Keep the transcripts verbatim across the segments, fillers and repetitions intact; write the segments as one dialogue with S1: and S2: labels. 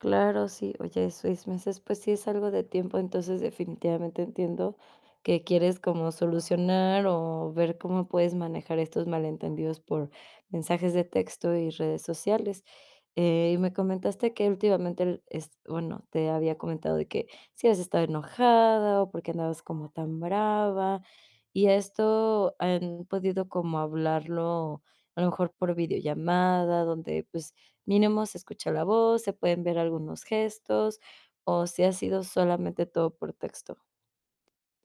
S1: Claro, sí. Oye, seis meses, pues, sí es algo de tiempo. Entonces, definitivamente entiendo que quieres como solucionar o ver cómo puedes manejar estos malentendidos por mensajes de texto y redes sociales. Eh, y me comentaste que últimamente r es bueno, te había comentado de que si habías estado enojada o por qué andabas como tan brava y ¿esto han podido como hablarlo a lo mejor por videollamada? donde, pues, mínimo se escucha la voz, se pueden ver algunos gestos o si ha sido solamente todo por texto.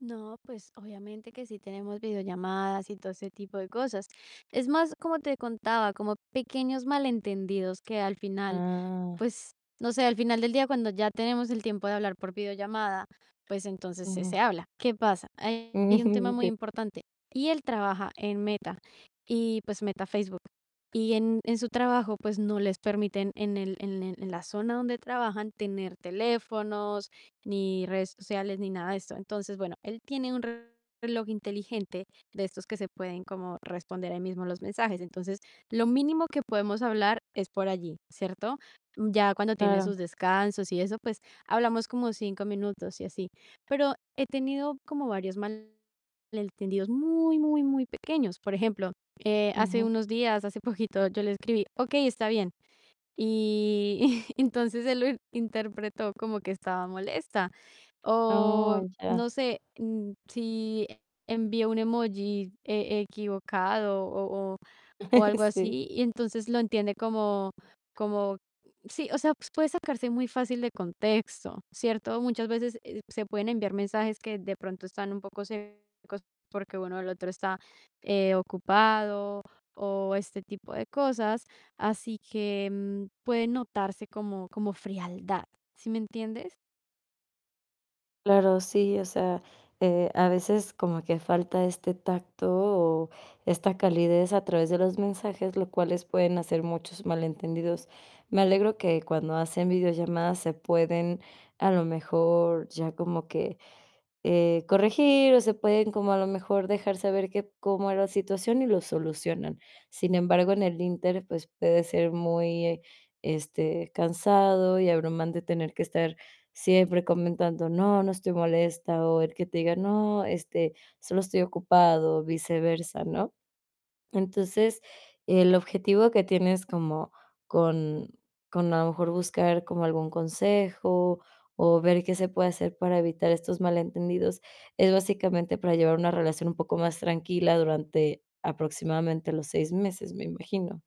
S2: No, pues, obviamente que sí tenemos videollamadas y todo ese tipo de cosas. Es más, como te contaba, como pequeños malentendidos que al final,
S1: Ah.
S2: pues, no sé, al final del día cuando ya tenemos el tiempo de hablar por videollamada, pues, entonces se
S1: Ujú.
S2: se habla. ¿Qué pasa? Hay un tema
S1: Ujú,
S2: muy
S1: qué
S2: importante y él trabaja en Meta y pues Meta Facebook y en en su trabajo, pues, no les permiten en el en el en la zona donde trabajan tener teléfonos ni redes sociales ni nada de esto. Entonces, bueno, él tiene un reloj inteligente de estos que se pueden como responder ahí mismo los mensajes. Entonces, lo mínimo que podemos hablar es por allí, ¿cierto? Ya cuando tiene sus
S1: Claro.
S2: descansos y eso, pues hablamos como cinco minutos y así. Pero he tenido como varios malentendidos muy, muy, muy pequeños. Por ejemplo, eh, hace
S1: Ujú.
S2: unos días, hace poquito, yo le escribí: "Okey, está bien". Y y entonces él lo interpretó como que estaba molesta. O,
S1: Oh, ya.
S2: no sé, mm, si envío un emoji e equivocado o o o algo
S1: Sí.
S2: así y entonces lo entiende como como sí, o sea, pues, puede sacarse muy fácil de contexto, ¿cierto? Muchas veces, eh, se pueden enviar mensajes que de pronto están un poco secos porque bueno, el otro está, eh, ocupado o este tipo de cosas, así que puede notarse como como frialdad, ¿sí me entienddes?
S1: Claro, sí. O sea, eh, a veces como que falta este tacto o esta calidez a través de los mensajes, lo cuales pueden hacer muchos malentendidos. Me alegro que cuando hacen videollamadas se pueden a lo mejor ya como que, eh, corregir o se pueden como a lo mejor dejar saber que cómo era la situación y lo solucionan. Sin embargo, en el inter, pues puede ser muy, este, cansado y abrumante tener que estar siempre comentando: "No, no estoy molesta", o él que te diga: "No, este, solo estoy ocupado", viceversa, ¿no? Entonces, el objetivo que tienes como con con a lo mejor buscar como algún consejo o ver qué se puede hacer para evitar estos malentendidos, es básicamente para llevar una relación un poco más tranquila durante aproximadamente los seis meses, me imagino.